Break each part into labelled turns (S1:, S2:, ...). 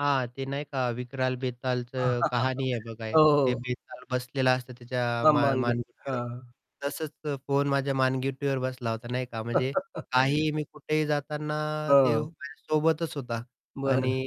S1: हां, ते नाही का विक्राल बेतालचं कहाणी आहे बघा
S2: हो,
S1: एक, ते
S2: हो.
S1: बेताल बसलेलं असतं त्याच्या
S2: हां,
S1: मा
S2: मानगूट,
S1: मानगुटीवर
S2: हां.
S1: तसंच अ, फोन माझ्या मानगुटीवर बसला होता, नाही का, म्हणजे काहीही मी कुठेही जाताना ते
S2: हां.
S1: माझ्या सोबतच होता
S2: बरं.
S1: आणि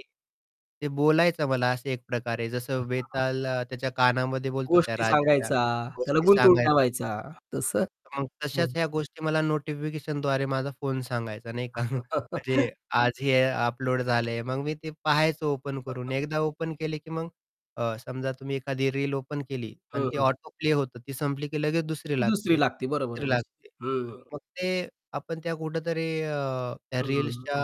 S1: ते बोलायचा मला असं एक प्रकारे जसं
S2: [unintelligible]
S1: वेताल अ, त्याच्या कानामध्ये बोलतो त्या
S2: गोष्टी
S1: राजाच्या
S2: सांगायचा, त्याला
S1: गोष्टी
S2: गुंतवून
S1: सांगायचा.
S2: ठेवायचा तसं?
S1: तर मग तशाच
S2: हं.
S1: ह्या गोष्टी मला नोटिफिकेशनद्वारे माझा फोन सांगायचा, नाही का? म्हणजे आज हे अपलोड झालं आहे. मग मी ते पाहायचं ओपन करून एकदा ओपन केले की मग अ, समजा तुम्ही एखादी रील ओपन केली अन्
S2: हं,
S1: ती
S2: हं.
S1: ऑटोप्ले होतं, ती संपली की लगेच दुसरी
S2: दुसरी
S1: लागते,
S2: लागते बरोबर आहे
S1: तिसरी
S2: निश्चित.
S1: लागते.
S2: हं, हं.
S1: मग ते आपण त्या कुठेतरी अ, त्या
S2: हं.
S1: रील्सच्या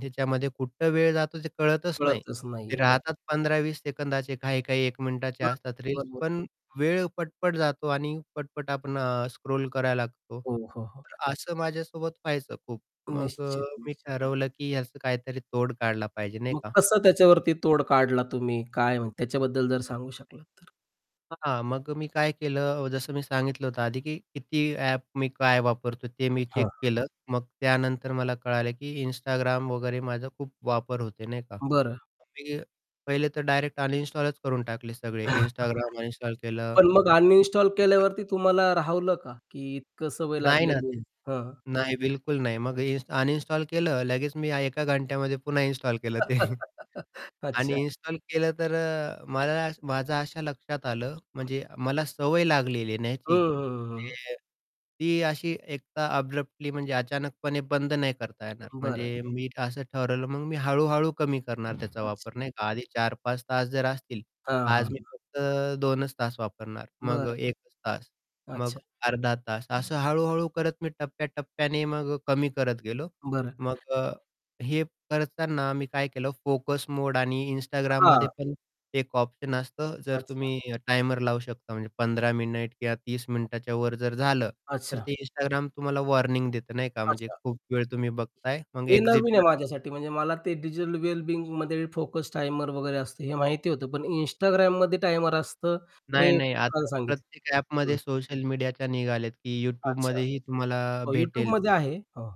S1: ह्याच्यामध्ये अं, कुठं वेळ जातो ते कळतच नाही.
S2: कळतच
S1: ते
S2: नाहीये बरं.
S1: राहतात 15-20 सेकंदाचे, काही-काही 1 मिनिटाचे
S2: [unintelligible]
S1: असतात रील्स,
S2: बरोबर.
S1: पण वेळ पटपट जातो आणि पटपट आपण अ, स्क्रोल करायला लागतो.
S2: हो, हो, हो.
S1: तर असं माझ्यासोबत व्हायचं खूप. मग अ,
S2: निश्चित,
S1: मी
S2: निश्चित.
S1: ठरवलं, की ह्याचं काहीतरी तोड काढला पाहिजे, नाही
S2: मग
S1: का?
S2: कसं
S1: हं.
S2: त्याच्यावरती तोड काढला तुम्ही? काय म्ह त्याच्याबद्दल जर सांगू शकलात तर?
S1: हां, मग अ, मी काय केलं, अ, जसं मी सांगितलं होतं आधी, की कितीही ॲप मी काय वापरतो ते मी
S2: हां.
S1: चेक केलं. मग त्यानंतर मला कळालं की Instagram वगैरे माझा खूप वापर होतोय, नाही का?
S2: बरं.
S1: [unintelligible] मी पहिले तर डायरेक्ट अनइन्स्टॉलच करून टाकले सगळे Instagram अनइन्स्टॉल केलं
S2: पण मग
S1: आणि
S2: अनइन्स्टॉल
S1: YouTube तर
S2: केल्यावरती तुम्हाला राहवलं का? की इतकं सवय
S1: नाही ना ते
S2: लागलेली. हां.
S1: नाही, बिलकुल नाही. मग हे इन्स्ट अनइन्स्टॉल केलं, लगेच मी अ, एका घंट्यामध्ये पुन्हा इन्स्टॉल केलं ते.
S2: अच्छा.
S1: आणि इन्स्टॉल केलं तर अ, मला माझं अशा लक्षात आलं, म्हणजे मला सवय लागलेली ना
S2: हं,
S1: ह्याची,
S2: हं, हं, हं, हं, हं.
S1: म्हणजे ती अशी एक अब्रप्टली म्हणजे अचानकपणे बंद नाही करता येणार
S2: बरं.
S1: म्हणजे मी असं ठरवलं मग मी हळू-हळू कमी करणार त्याचा वापर,
S2: अच्छा.
S1: नाही का? आधी 4-5 तास जर असतील,
S2: हां, हां,
S1: आज मी
S2: हां.
S1: फक्त 2च तास वापरणार. मग
S2: बरं.
S1: अ, 1च तास. मग
S2: अच्छा.
S1: अर्धा तास. असं हळू-हळू करत मी टप्प्याटप्प्याने मग अ, कमी करत गेलो.
S2: बरं.
S1: मग अ, हे करताना मी काय केलं फोकस मोड आणि Instagramमध्ये
S2: हां.
S1: पण एक ऑप्शन असतं जर
S2: अच्छा.
S1: तुम्ही टायमर लावू शकता म्हणजे 15 मिनिट किंवा 30 मिनिटाच्यावर जर झालं, तर
S2: अच्छा.
S1: ते Instagram तुम्हाला वॉर्निंग देतं नाही का म्हणजे
S2: अच्छा.
S1: खूप वेळ तुम्ही बघताय मग
S2: हे
S1: एक्झिट
S2: नवीन आहे
S1: करा.
S2: माझ्यासाठी म्हणजे मला ते डिजिटल वेल बिंगमध्ये फोकस टायमर वगैरे असतं हे माहिती होतं पण Instagramमध्ये टायमर असतं
S1: नाही,
S2: हे
S1: नाही.
S2: खूप छान
S1: आता
S2: सांगितलं.
S1: प्रत्येक ॲपमध्ये
S2: हं.
S1: सोशल मीडियाच्या निघाले आहेत, की
S2: अच्छा.
S1: YouTubeमध्येही तुम्हाला
S2: हो,
S1: भेटेल.
S2: YouTubeमध्ये आहे. हं.